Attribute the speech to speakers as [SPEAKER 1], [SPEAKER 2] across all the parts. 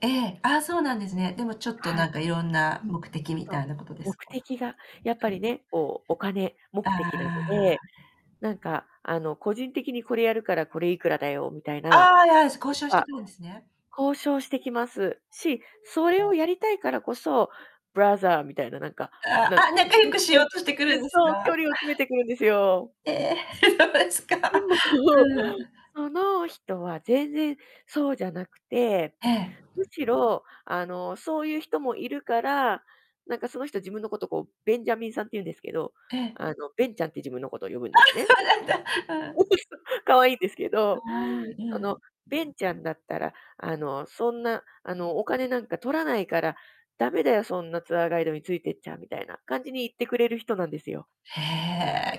[SPEAKER 1] ええ、ああ、そうなんですね。でもちょっと
[SPEAKER 2] は
[SPEAKER 1] な
[SPEAKER 2] い。
[SPEAKER 1] んかいろんな
[SPEAKER 2] うん、
[SPEAKER 1] 目的み
[SPEAKER 2] そう、
[SPEAKER 1] たいなことです
[SPEAKER 2] 目
[SPEAKER 1] か？は
[SPEAKER 2] 的がやっぱりね、こう、お金目
[SPEAKER 1] い、はいは
[SPEAKER 2] 的
[SPEAKER 1] い。
[SPEAKER 2] なの
[SPEAKER 1] あ
[SPEAKER 2] で、
[SPEAKER 1] あ。
[SPEAKER 2] なんかあの、個人的にこれやるからこれいくらだよみたいな、
[SPEAKER 1] ああ、や、す交
[SPEAKER 2] やっ
[SPEAKER 1] 渉して
[SPEAKER 2] ぱ、
[SPEAKER 1] くるんですね。
[SPEAKER 2] 交渉してきますし、それをやりたいからこそ、ブラザーみたいな、なんか、
[SPEAKER 1] あ
[SPEAKER 2] なん、
[SPEAKER 1] あ、あ、仲良くしよ うとしてくる
[SPEAKER 2] ゆ
[SPEAKER 1] ん
[SPEAKER 2] ず
[SPEAKER 1] です
[SPEAKER 2] そう、距
[SPEAKER 1] か？
[SPEAKER 2] 離を詰めてくるんですよ。
[SPEAKER 1] ええ、です
[SPEAKER 2] で
[SPEAKER 1] か。
[SPEAKER 2] も、
[SPEAKER 1] うん。
[SPEAKER 2] その人は全然そうじゃなくて、
[SPEAKER 1] ええ。
[SPEAKER 2] むしろ、あの、そういう人もいるから、なんかその人自分のことを、こう、ベンジャミンさんっていうんですけど、
[SPEAKER 1] ええ。
[SPEAKER 2] あの、ベンちゃんって自分のことを呼ぶんで
[SPEAKER 1] あ、
[SPEAKER 2] すね。
[SPEAKER 1] そうなんだ。うん。
[SPEAKER 2] そう、可愛いんですけ
[SPEAKER 1] 可
[SPEAKER 2] ど、
[SPEAKER 1] 愛い。う
[SPEAKER 2] その、
[SPEAKER 1] ん。
[SPEAKER 2] ベンちゃんだったら、あの、そんなあの、お金なんか取らないから、駄目だよ、そんなツアーガイドについてっちゃみたいな感じに言ってくれる人なんですよ。
[SPEAKER 1] へ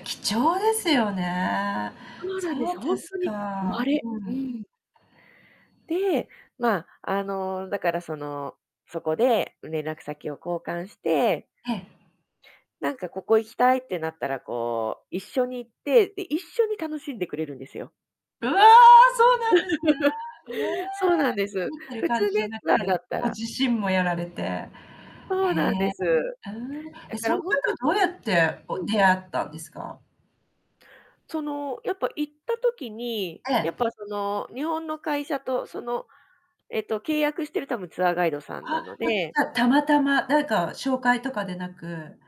[SPEAKER 1] え、貴重ですよね。
[SPEAKER 2] そうなんで
[SPEAKER 1] そ
[SPEAKER 2] す、
[SPEAKER 1] う
[SPEAKER 2] ほ
[SPEAKER 1] で
[SPEAKER 2] ん
[SPEAKER 1] す
[SPEAKER 2] とに
[SPEAKER 1] か。
[SPEAKER 2] 稀。う
[SPEAKER 1] うん。
[SPEAKER 2] ん。で、ま、あの、だからその、そこで連絡先を交換して
[SPEAKER 1] ええ。
[SPEAKER 2] なんかここ行きたいってなったら、こう、一緒に行って、で一緒に楽しんでくれるんですよ。
[SPEAKER 1] うわ、そうなんです ね。へえ、
[SPEAKER 2] そうなんです。
[SPEAKER 1] 見てる
[SPEAKER 2] 普
[SPEAKER 1] 感
[SPEAKER 2] 通
[SPEAKER 1] じじゃ
[SPEAKER 2] ね、
[SPEAKER 1] なく
[SPEAKER 2] ツアー
[SPEAKER 1] て、
[SPEAKER 2] だった
[SPEAKER 1] ご
[SPEAKER 2] ら
[SPEAKER 1] 自身もやられて。へえ。
[SPEAKER 2] そうなんです。
[SPEAKER 1] うーん。え、
[SPEAKER 2] だか
[SPEAKER 1] そうい
[SPEAKER 2] ら
[SPEAKER 1] う
[SPEAKER 2] ほんとに
[SPEAKER 1] 方はどうやって、こ
[SPEAKER 2] う
[SPEAKER 1] う、
[SPEAKER 2] ん。
[SPEAKER 1] 出会ったんですか？
[SPEAKER 2] その、やっぱ行った時に、や
[SPEAKER 1] え
[SPEAKER 2] っ
[SPEAKER 1] え。
[SPEAKER 2] ぱその、日本の会社とその、えっと、契約してる多分ツアーガイドさんな
[SPEAKER 1] あ、
[SPEAKER 2] の
[SPEAKER 1] ま、じ
[SPEAKER 2] で。
[SPEAKER 1] ゃたまたま、誰か紹介とかでなく